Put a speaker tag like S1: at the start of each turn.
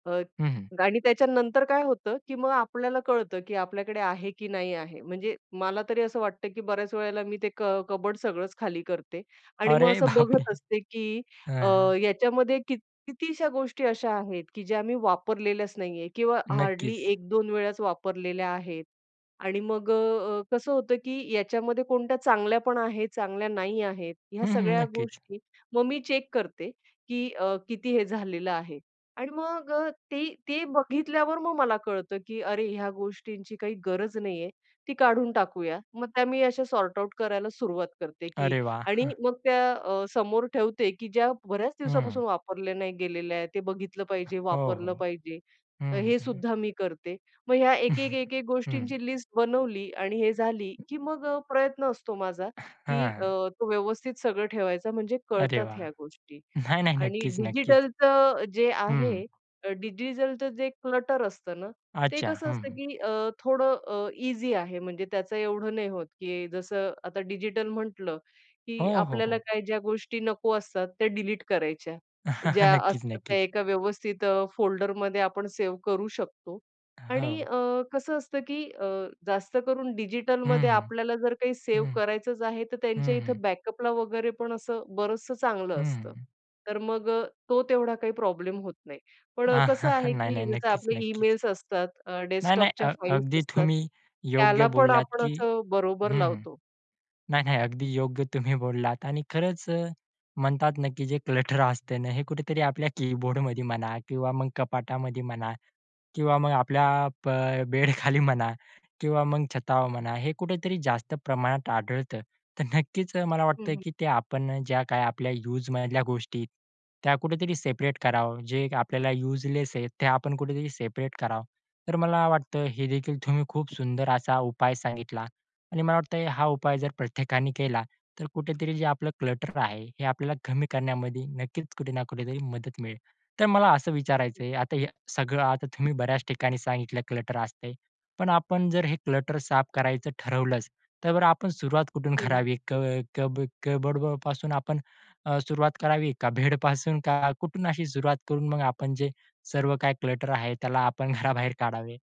S1: अ,
S2: हं, हं.
S1: आणि त्याच्यानंतर काय होतं, की मग आपल्याला कळतं, की आपल्याकडे आहे की नाही आहे. म्हणजे मला तरी असं वाटतं, की बऱ्याच वेळेला मी ते क कबोर्ड सगळंच खाली करते. आणि मग
S2: अरे,
S1: असं
S2: बाप रे!
S1: बघत असते, की अ,
S2: हां.
S1: याच्यामध्ये कित कितीशा गोष्टी अशा आहेत, की ज्या आम्ही वापरलेल्याच नाही आहे किंवा हार्डली
S2: नक्कीच.
S1: 1-2 वेळाच वापरलेल्या आहेत. आणि मग अ, कसं होतं, की याच्यामध्ये कोणत्या चांगल्या पण आहेत, चांगल्या नाही आहेत. ह्या
S2: हं, हं,
S1: सगळ्या
S2: नक्कीच.
S1: गोष्टी मग मी चेक करते, की अ, किती हे झालेलं आहे. आणि मग ते ते बघितल्यावर मग मला कळतं, की अरे ह्या गोष्टींची काही गरज नाहीये, ती काढून टाकूया. मग त्या मी अशा सॉर्ट-आऊट करायला सुरुवात करते.
S2: अरे,
S1: आणि
S2: वाह!
S1: मग त्या अ, समोर ठेवते, की ज्या बऱ्याच
S2: हं.
S1: दिवसापासून वापरल्या नाही गेलेल्या आहेत, ते बघितलं पाहिजे,
S2: हो,
S1: वापरलं
S2: हो.
S1: पाहिजे.
S2: हं,
S1: हे
S2: हं.
S1: सुद्धा मी करते. मग ह्या एक-एक-एक-एक
S2: हं.
S1: गोष्टींची लिस्ट बनवली. आणि हे झाली, की मग प्रयत्न असतो माझा, की अ,
S2: हां.
S1: तो व्यवस्थित सगळं ठेवायचा. म्हणजे
S2: अरे,
S1: कळतात
S2: वाह!
S1: ह्या गोष्टी.
S2: नाही, नाही,
S1: आणि
S2: नक्कीच, नक्कीच.
S1: डिजिटलचं जे
S2: हं,
S1: आहे
S2: हं.
S1: अ, डिजिटलचं जे क्लटर असतं ना, ते
S2: अच्छा,
S1: कसं असतं,
S2: हं.
S1: की अ, थोडं अ, ईझी आहे. म्हणजे त्याचं एवढं नाही होत, की जसं आता डिजिटल म्हटलं, की
S2: हो, हो,
S1: आपल्याला
S2: हो.
S1: काही ज्या गोष्टी नको असतात त्या डिलीट करायच्या. ज्या
S2: नक्कीच,
S1: असतात त्या
S2: नक्कीच.
S1: एका व्यवस्थित अ, फोल्डरमध्ये आपण सेव्ह करू शकतो. आणि
S2: हो.
S1: अ, कसं असतं, की अ, जास्त करून
S2: हं,
S1: डिजिटलमध्ये
S2: हं.
S1: आपल्याला जर काही सेव्ह
S2: हं,
S1: करायचंच आहे, तर त्यांच्या
S2: हं, हं.
S1: इथं बॅकअपला वगैरे पण असं बरंचसं चांगलं असतं.
S2: हं.
S1: तर मग अ, तो तेवढा काही प्रॉब्लेम होत नाही. पण कसं आहे,
S2: नाही,
S1: की
S2: नाही,
S1: जसं
S2: नक्कीच,
S1: आपले
S2: नक्कीच.
S1: ईमेल्स असतात, अ,
S2: नाही, नाही, अ,
S1: डेस्कटॉपच्या
S2: अ
S1: फाइल्स
S2: अगदी
S1: असतात,
S2: तुम्ही योग्य
S1: त्याला पण
S2: बोललात,
S1: आपण
S2: की
S1: असं बरोबर
S2: हं, हं.
S1: लावतो.
S2: नाही, नाही, अगदी योग्य तुम्ही बोललात. आणि खरंच अ, म्हणतात ना, की जे क्लटर असते ना, हे कुठेतरी आपल्या कीबोर्डमध्ये म्हणा किंवा मग कपाटामध्ये म्हणा किंवा मग आपल्या प बेडखाली म्हणा किंवा मग छतावर म्हणा, हे कुठेतरी जास्त प्रमाणात आढळतं. तर नक्कीच मला वाटतं,
S1: हं, हं.
S2: की आपण ज्या काही युज मधल्या गोष्टी त्या कुठेतरी सेपरेट करावं. जे आपल्याला युजलेस आहे ते आपण कुठेतरी सेपरेट करावं. तर मला वाटतं, हे देखील तुम्ही खूप सुंदर असा उपाय सांगितला. आणि मला वाटतं, हा उपाय जर प्रत्येकाने केला, तर कुठेतरी जे क्लटर आहे, हे आपल्याला कमी करण्यामध्ये नक्कीच कुठे ना कुठेतरी मदत मिळेल. तर मला असं विचारायचं आहे, आता हे सगळं आता तुम्ही बऱ्याच ठिकाणी सांगितलं क्लटर असते. पण आपण जर हे क्लटर साफ करायचं ठरवलंच, तर आपण सुरुवात कुठून?
S1: हं.
S2: करावी? क कब कपबर्डपासून अ, आपण सुरुवात करावी का बेडपासून? का कुठून अशी सुरुवात करून मग आपण जे सर्व काही क्लटर आहे, त्याला आपण घराबाहेर काढावे?